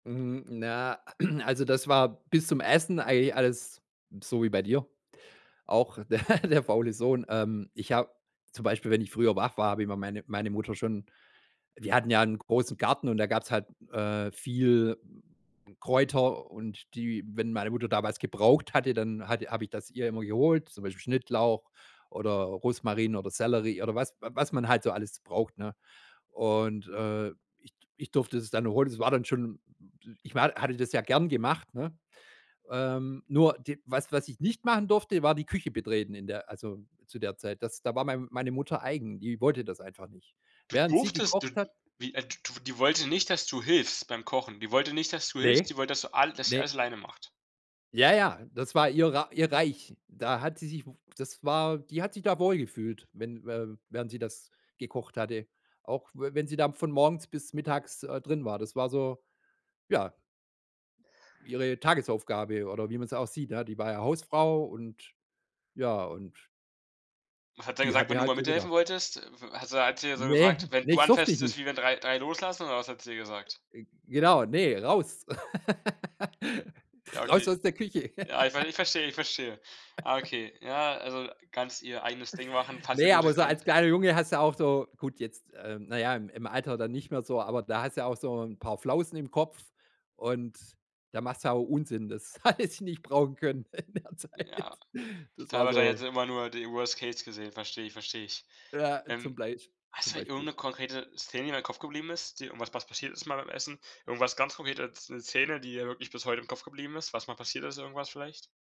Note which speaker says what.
Speaker 1: Mhm, na, also das war bis zum Essen eigentlich alles so wie bei dir, auch de der der faule Sohn. Ähm, Ich habe zum Beispiel, wenn ich früher wach war, habe ich meine meine Mutter schon wir hatten ja 'n großen Garten, und da gab's halt, äh, viel Kräuter und die wenn meine Mutter damals gebraucht hatte, dann hatte habe ich das ihr immer geholt, zum Beispiel Schnittlauch oder Rosmarin oder Sellerie oder was was man halt so alles braucht, ne? Und, äh, ich d ich durfte das dann holen. Das war dann schon ich war hatte das ja gern gemacht, ne? Ähm, nur d was was ich nicht machen durfte, war die Küche betreten in der also zu der Zeit. Das da war mein meine Mutter eigen, die wollte das einfach nicht.
Speaker 2: Du
Speaker 1: Während sie
Speaker 2: durftest Du
Speaker 1: gekocht hat
Speaker 2: Wie äh, du die wollte nicht, dass du hilfst beim Kochen? Die wollte nicht, dass du hilfst,
Speaker 1: Ne
Speaker 2: die wollte, dass du alles dass sie
Speaker 1: ne.
Speaker 2: alles alleine macht.
Speaker 1: Ja ja, das war ihr Rei ihr Reich. Da hat sie sich w das war die hat sich da wohlgefühlt, wenn wä während sie das gekocht hatte. Auch w wenn sie da von morgens bis mittags, äh, drin war. Das war so, ja ihre Tagesaufgabe oder wie man es auch sieht, ja. Die war ja Hausfrau und ja, und
Speaker 2: Was hat sie
Speaker 1: die
Speaker 2: gesagt, wann
Speaker 1: hatte
Speaker 2: du
Speaker 1: halt
Speaker 2: mal
Speaker 1: so
Speaker 2: mithelfen
Speaker 1: gedacht.
Speaker 2: wolltest? Also, hat sie dann so
Speaker 1: Ne,
Speaker 2: gesagt: „Wenn
Speaker 1: ne,
Speaker 2: du
Speaker 1: das durfte ich
Speaker 2: anfasst ist
Speaker 1: nicht.
Speaker 2: wie wenn 3-, 3 loslassen“, oder was hat sie gesagt?
Speaker 1: Ge genau, ne: „Raus!“
Speaker 2: Ja,
Speaker 1: „Raus
Speaker 2: okay.
Speaker 1: aus der Küche.“
Speaker 2: Ja, ich ver ich verstehe, ich verstehe. Ah okay, ja, also ganz ihr eigenes Ding machen, „fass hier
Speaker 1: Ne,
Speaker 2: bloß
Speaker 1: aber
Speaker 2: nichts
Speaker 1: so als
Speaker 2: an.“
Speaker 1: kleiner Junge hast du auch so gut, jetzt, äh, na ja, im im Alter dann nicht mehr so, aber da hast du ja auch so 'n paar Flausen im Kopf, und da machst du ja auch Unsinn, das hatte ich nicht brauchen können in der Zeit.
Speaker 2: Ja,
Speaker 1: Das
Speaker 2: klar,
Speaker 1: war
Speaker 2: wahrscheinlich hat
Speaker 1: so
Speaker 2: sie immer nur so die Worst Case gesehen, verstehe ich, verstehe ich.
Speaker 1: ja,
Speaker 2: Ähm,
Speaker 1: zum Blei
Speaker 2: hast
Speaker 1: zum
Speaker 2: du irgend
Speaker 1: Beispiel.
Speaker 2: 'ne konkrete Szene, die in deinem Kopf geblieben ist, irgendwas, was passiert ist mal beim Essen? Irgendwas ganz konkrete Sz 'ne Szene, die dir wirklich bis heute im Kopf geblieben ist, was mal passiert ist, irgendwas vielleicht?